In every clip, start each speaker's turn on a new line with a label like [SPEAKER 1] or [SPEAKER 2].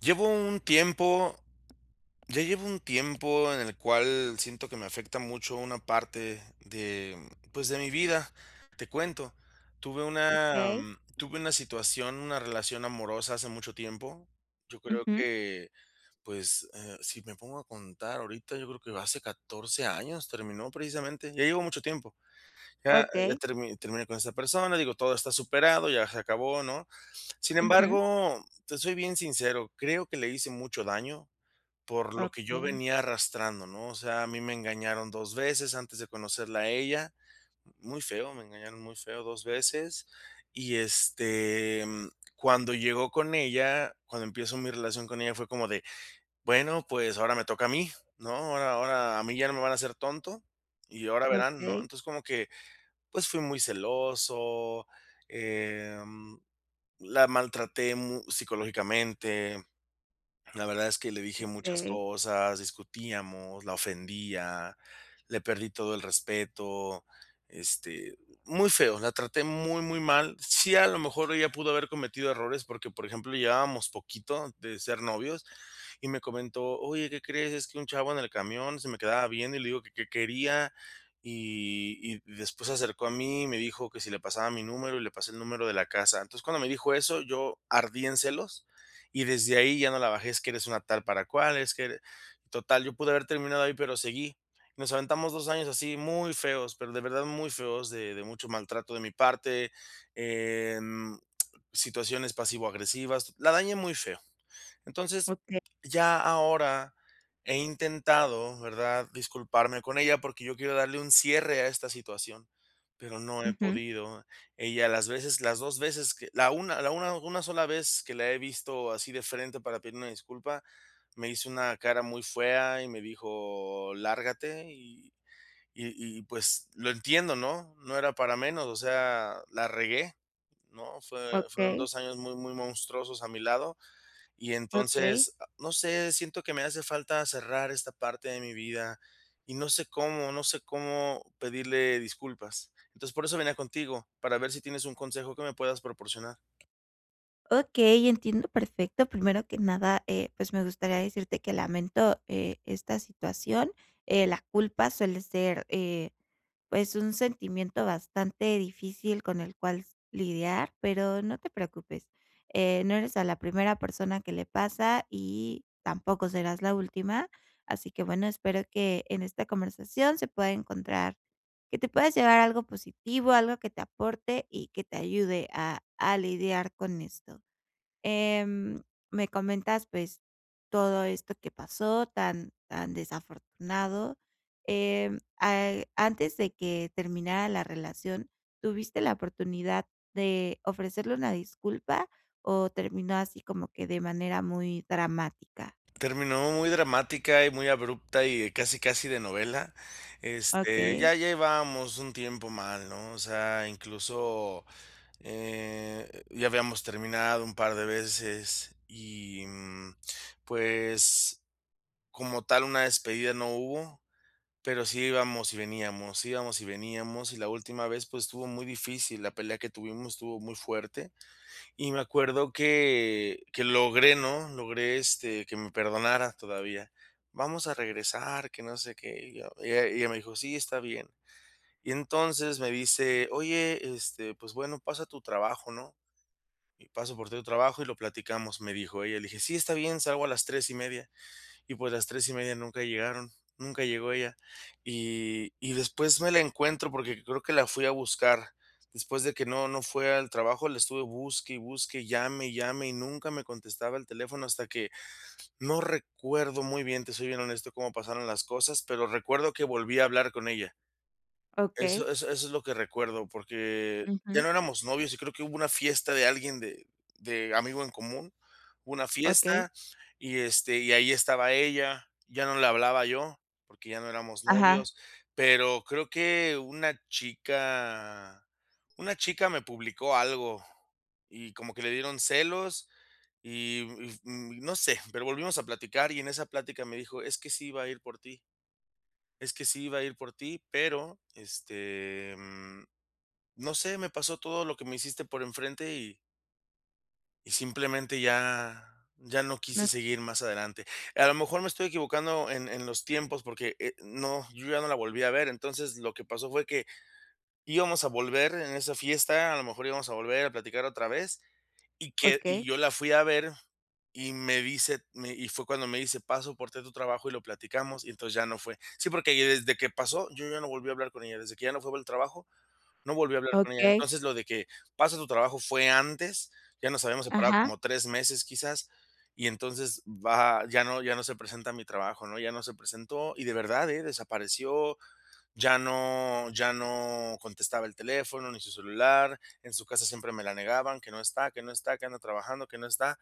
[SPEAKER 1] Llevo un tiempo ya llevo un tiempo en el cual siento que me afecta mucho una parte de, pues, de mi vida. Te cuento, tuve una
[SPEAKER 2] Okey.
[SPEAKER 1] tuve una situación, una relación amorosa hace mucho tiempo. Yo creo
[SPEAKER 2] Ujú.
[SPEAKER 1] que, pues, eh, si me pongo a contar ahorita, yo creo que hace 14 años terminó precisamente. Ya llevo mucho tiempo. Ya ya
[SPEAKER 2] Okey.
[SPEAKER 1] termi terminé con esa persona, digo, todo está superado, ya se acabó, ¿no? Sin
[SPEAKER 2] Ujú.
[SPEAKER 1] embargo, te soy bien sincero, creo que le hice mucho daño por lo que yo
[SPEAKER 2] Okey.
[SPEAKER 1] venía arrastrando, ¿no? O sea, a mí me engañaron 2 veces antes de conocerla a ella. Muy feo, me engañaron muy feo 2 veces. Y este, mm, cuando llego con ella cuando empiezo mi relación con ella fue como de, bueno, pues ahora me toca a mí, ¿no? Ahora ahora a mí ya no me van a hacer tonto. Y ahora verán, ¿no?
[SPEAKER 2] Okey.
[SPEAKER 1] Entonces, como que, pues, fui muy celoso, em, la maltraté mu psicológicamente. La verdad es que le dije muchas
[SPEAKER 2] Okey.
[SPEAKER 1] cosas. Discutíamos, la ofendía, le perdí todo el respeto. Este, muy feo. La traté muy, muy mal. Sí, a lo mejor ella pudo haber cometido errores, porque, por ejemplo, llevábamos poquito de ser novios, y me comentó: "Oye, ¿qué crees?, es que un chavo en el camión se me quedaba viendo, y le digo que, ¿qué quería?, y y después se acercó a mí, y me dijo que si le pasaba mi número y le pasé el número de la casa". Entonces, cuando me dijo eso, yo ardí en celos, y desde ahí ya no la bajé: "Es que eres una tal para cual, es que eres". Total, yo pude haber terminado ahí, pero seguí. Nos aventamos 2 años así muy feos, pero de verdad muy feos de de mucho maltrato de mi parte, em, situaciones pasivo agresivas. La dañé muy feo. Entonces,
[SPEAKER 2] Okey.
[SPEAKER 1] ya ahora he intentado, ¿verdad?, disculparme con ella, porque yo quiero darle un cierre a esta situación, pero no he
[SPEAKER 2] Ujú.
[SPEAKER 1] podido. Ella las veces las 2 veces que la una la una una sola vez que la he visto así de frente para pedir una disculpa, me hizo una cara muy fea, y me dijo: "Lárgate". Y y y pues, lo entiendo, ¿no?, no era para menos. O sea, la regué, ¿no?, fue fueron
[SPEAKER 2] Okey.
[SPEAKER 1] 2 años muy muy monstruosos a mi lado. Y
[SPEAKER 2] Okey.
[SPEAKER 1] entonces, ah, no sé, siento que me hace falta cerrar esta parte de mi vida y no sé cómo no sé cómo pedirle disculpas. Entonces, por eso venía contigo, para ver si tienes un consejo que me puedas proporcionar.
[SPEAKER 2] Okey, entiendo perfecto. Primero que nada, eh, pues, me gustaría decirte que lamento, eh, esta situación. Eh, la culpa suele ser, eh, pues, un sentimiento bastante difícil con el cuales lidiar, pero no te preocupes, eh, no eres a la primera persona que le pasa y tampoco serás la última. Así que bueno, espero que en esta conversación se pueda encontrar que te puedas llevar a algo positivo, algo que te aporte y que te ayude a a lidiar con esto. Em, me comentas, pues, todo esto que pasó tan tan desafortunado. Em, ah, antes de que terminara la relación, ¿tuviste la oportunidad de ofrecerle una disculpa o terminó así como que de manera muy dramática?
[SPEAKER 1] Terminó muy dramática y muy abrupta y casi, casi de novela. Este,
[SPEAKER 2] Okey.
[SPEAKER 1] ya llevábamos un tiempo mal, ¿no? O sea, incluso, eh, ya habíamos terminado un par de veces y, mm, pues, como tal una despedida no hubo, pero sí íbamos y veníamos, íbamos y veníamos, y la última vez, pues, estuvo muy difícil, la pelea que tuvimos estuvo muy fuerte. Y me acuerdo que que logré, ¿no? Logré, este, que me perdonara todavía. "Vamos a regresar, que no sé qué", y yo y e y ella y ella me dijo: "Sí, está bien". Y entonces me dice: "Oye, este, pues bueno, paso a tu trabajo, ¿no? Y paso por ti a tu trabajo y lo platicamos", me dijo ella. Le dije: "Sí, está bien, salgo a las 3 y media". Y pues las 3 y media nunca llegaron, nunca llegó ella. Y y después me la encuentro porque creo que la fui a buscar. Después de que no no fue al trabajo, la estuve busque y busque y llame y llame y nunca me contestaba el teléfono hasta que, no recuerdo muy bien, te soy bien honesto, cómo pasaron las cosas, pero recuerdo que volví a hablar con ella.
[SPEAKER 2] Okey.
[SPEAKER 1] Eso eso eso es lo que recuerdo, porque ya
[SPEAKER 2] Ujú.
[SPEAKER 1] no éramos novios y creo que hubo una fiesta de alguien de de amigo en común. Una
[SPEAKER 2] Okey.
[SPEAKER 1] fiesta y este, y ahí estaba ella, ya no le hablaba yo porque ya no éramos
[SPEAKER 2] Ajá.
[SPEAKER 1] novios. Pero creo que una chica una chica me publicó algo y como que le dieron celos y, mm, mm, no sé, pero volvimos a platicar y en esa plática me dijo: "es que sí iba a ir por ti" es que sí iba a ir por ti, pero, este, mm, no sé, me pasó todo lo que me hiciste por enfrente, y "y simplemente ya ya no
[SPEAKER 2] No.
[SPEAKER 1] quise seguir más adelante". A lo mejor me estoy equivocando en en los tiempos, porque, eh, no, yo ya no la volví a ver. Entonces, lo que pasó fue que íbamos a volver en esa fiesta, a lo mejor íbamos a volver a platicar otra vez, y que y
[SPEAKER 2] Okey.
[SPEAKER 1] yo la fui a ver, y me dice, me y fue cuando me dice: "paso por ti a tu trabajo y lo platicamos", y entonces ya no fue. Sí, porque desde que pasó, yo ya no volví a hablar con ella, desde que ya no fue por el trabajo, no volví a hablar con ella.
[SPEAKER 2] Okey.
[SPEAKER 1] Entonces, lo de que pasa a tu trabajo fue antes, ya nos habíamos separado
[SPEAKER 2] Ajá.
[SPEAKER 1] como 3 meses quizás, y entonces va ya no ya no se presenta a mi trabajo. ¿no? Ya no se presentó y de verdad, eh, desapareció, ya no ya no contestaba el teléfono ni su celular, en su casa siempre me la negaban, que no está, que no está, que ando trabajando, que no está.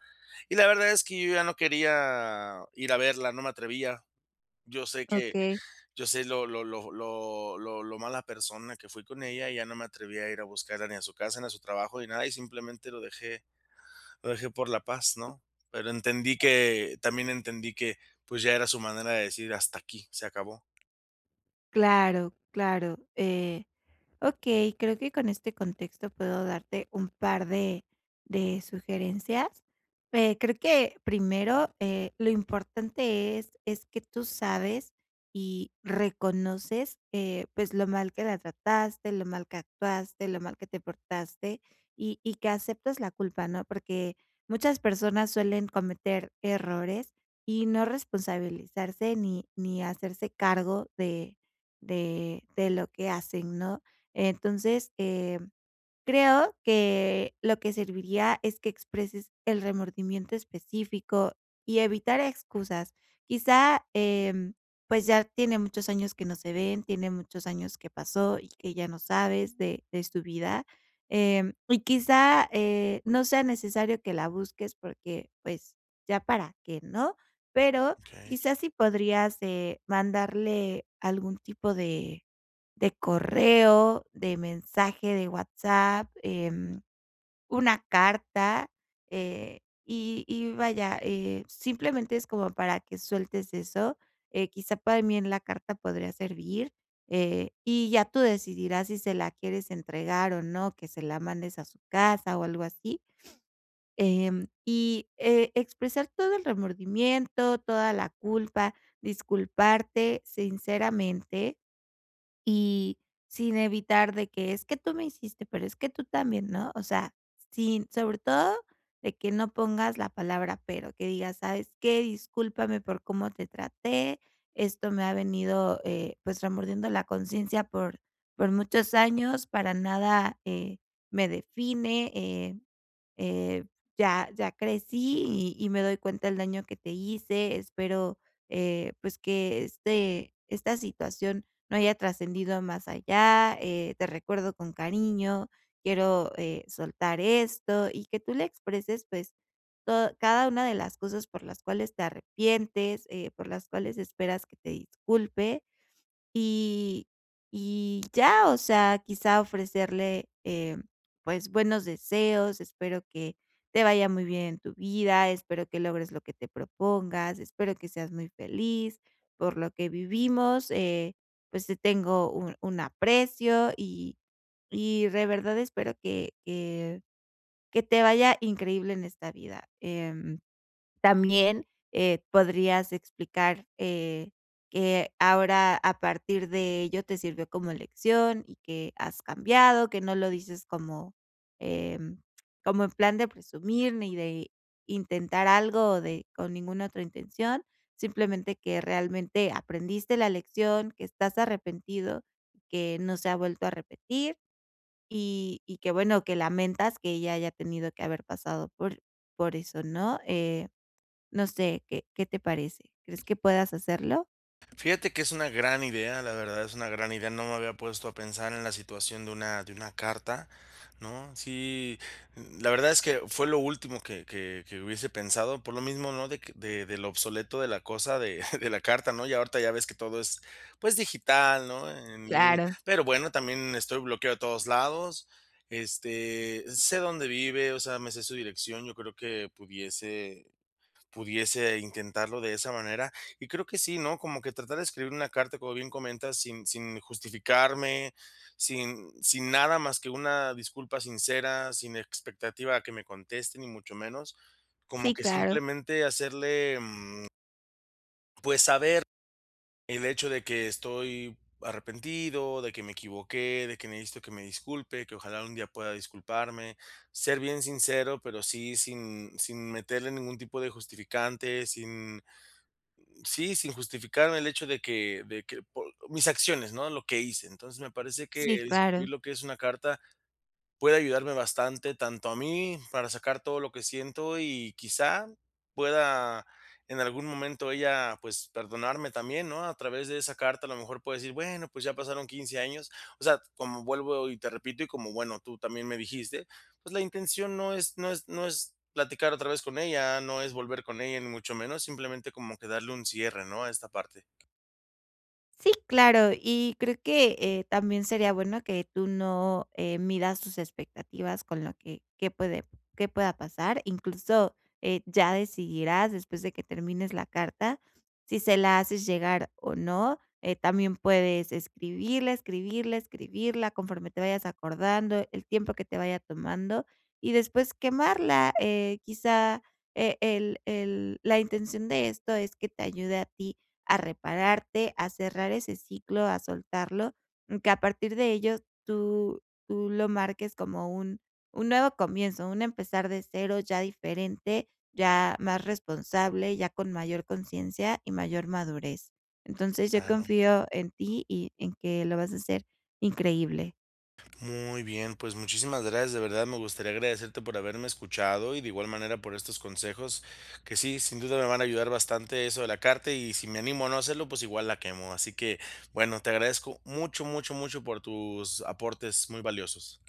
[SPEAKER 1] Y la verdad es que yo ya no quería ir a verla, no me atrevía. Yo sé que
[SPEAKER 2] Okey.
[SPEAKER 1] yo sé lo lo lo lo lo mala persona que fui con ella, y ya no me atreví a ir a buscarla ni a su casa, ni a su trabajo, ni nada, y simplemente lo dejé lo dejé por la paz, ¿no? Pero entendí que también entendí que, pues, ya era su manera de decir: hasta aquí, se acabó.
[SPEAKER 2] Claro, claro. Eh, okey, creo que con este contexto, puedo darte un par de de sugerencias. Pe creo que, primero, eh, lo importante es es que tú sabes y reconoces, eh, pues, lo mal que la trataste, lo mal que actuaste, lo mal que te portaste, y y que aceptes la culpa ¿no? Porque muchas personas, suelen cometer errores, y no responsabilizarse, ni ni hacerse cargo de de de lo que hacen ¿no? Entonces, em, creo que lo que serviría, es que expreses el remordimiento específico, y evitar excusas. Quizá, em, pues ya tiene muchos años que no se ven, tiene muchos años que pasó, y que ya no sabes de de su vida. Em, y quizá, eh, no sea necesario que la busques, porque pues, ¿ya para qué?, ¿no? Pero
[SPEAKER 1] Okey.
[SPEAKER 2] quizá, si podrías, eh, mandarle algún tipo de de correo, de mensaje de WhatsApp, em, una carta, eh. Y y vaya, eh, simplemente, es como para que sueltes eso. Eh, quizá, también la carta podría servir, eh, y ya tú decidirás si se la quieres entregar, o no. Que se la mandes a su casa, o algo así. Em, y, eh, expresar todo el remordimiento, toda la culpa, disculparte sinceramente, y sin evitar de que: "Es que tú me hiciste. Pero es que tú también", ¿no? O sea, sin sobre todo, de que no pongas la palabra, pero. Que digas: ¿Sabes qué? Discúlpame por cómo te traté. Esto me ha venido, eh, pues, remordiendo la conciencia, por por muchos años. Para nada, eh, me define, eh eh, ya ya crecí, y y me doy cuenta el daño que te hice. Espero, eh, pues, que este esta situación, no haya trascendido más allá. Eh, te recuerdo con cariño. Quiero, eh, soltar esto". Y que tú le expreses, pues, to cada una de las cosas, por las cuales te arrepientes, eh, por las cuales esperas que te disculpe, y y ya. O sea, quizá, ofrecerle, eh, pues buenos deseos: "Espero que te vaya muy bien en tu vida. Espero que logres lo que te propongas. Espero que seas muy feliz. Por lo que vivimos, eh, pues te tengo un un aprecio. Y y de verdad, espero que que que te vaya increíble en esta vida". Em, también, eh, podrías explicar, eh, que ahora, a partir de ello, te sirvió como lección, y que has cambiado. Que no lo dices como, em, como en plan de presumir, ni de intentar algo, o de con ninguna otra intención. Simplemente, que realmente aprendiste la lección. Que estás arrepentido, que no se ha vuelto a repetir, y y que bueno, que lamentas, que ella haya tenido, que haber pasado por por eso ¿no? Eh, no sé, ¿qué qué te parece? ¿Crees que puedas hacerlo?
[SPEAKER 1] Fíjate que es una gran idea, la verdad, es una gran idea. No me había puesto a pensar, en la situación, de una de una carta, ¿no? Sí, n la verdad, es que fue lo último que que que hubiese pensado. Por lo mismo, ¿no?, de que de de lo obsoleto, de la cosa de de la carta, ¿no? Ya ahorita, ya ves que todo es pues, digital, ¿no?, en línea.
[SPEAKER 2] Claro.
[SPEAKER 1] Pero bueno, también estoy bloqueado de todos lados. Este, sé dónde vive, o sea, me sé su dirección. Yo creo, que pudiese pudiese intentarlo de esa manera. Y creo, que sí, ¿no? Como que tratar de escribir una carta, como bien comentas, sin sin justificarme, sin sin nada más, que una disculpa sincera. Sin expectativa a que me conteste, ni mucho menos. Como
[SPEAKER 2] Sí,
[SPEAKER 1] que
[SPEAKER 2] claro.
[SPEAKER 1] simplemente, hacerle, mm pues saber, el hecho de que estoy arrepentido, de que me equivoqué, de que necesito que me disculpe. Que ojalá, un día pueda disculparme. Ser bien sincero, pero sí, sin sin meterle ningún tipo de justificante, sin sí, sin justificarme, el hecho de que de que por Mis acciones, ¿no?, lo que hice. Entonces, me parece que
[SPEAKER 2] Sí,
[SPEAKER 1] escribir,
[SPEAKER 2] claro.
[SPEAKER 1] lo que es una carta, puede ayudarme bastante. Tanto a mí, para sacar todo lo que siento, y quizá, pueda en algún momento, ella, pues, perdonarme también, ¿no?, a través de esa carta. A lo mejor puede decir: "Bueno, pues ya pasaron 15 años". O sea, como vuelvo y te repito, y como bueno, tú también me dijiste, pues la intención no es no es no es platicar otra vez con ella, no es volver con ella, ni mucho menos. Simplemente, como que darle un cierre, ¿no?, a esta parte.
[SPEAKER 2] Sí, claro, y creo que, eh, también sería bueno que tú no, eh, midas tus expectativas con la que qué puede qué pueda pasar. Incluso, eh, ya decidirás después de que termines la carta si se la haces llegar, o no. Eh, también puedes escribirla, escribirla, escribirla conforme te vayas acordando, el tiempo que te vaya tomando, y después quemarla. Eh, quizá, e el el la intención de esto es que te ayude a ti a repararte, a cerrar ese ciclo, a soltarlo, que a partir de ello tú tú lo marques como un un nuevo comienzo, un empezar de cero ya diferente, ya más responsable, ya con mayor conciencia y mayor madurez. Entonces yo
[SPEAKER 1] Ah, no.
[SPEAKER 2] confío en ti y en que lo vas a hacer increíble.
[SPEAKER 1] Muy bien, pues, muchísimas gracias. De verdad, me gustaría agradecerte por haberme escuchado. Y, de igual manera, por estos consejos que sí, sin duda me van a ayudar bastante eso de la carta, y si me animo a no hacerlo, pues igual la quemo. Así que, bueno, te agradezco mucho, mucho, mucho por tus aportes muy valiosos.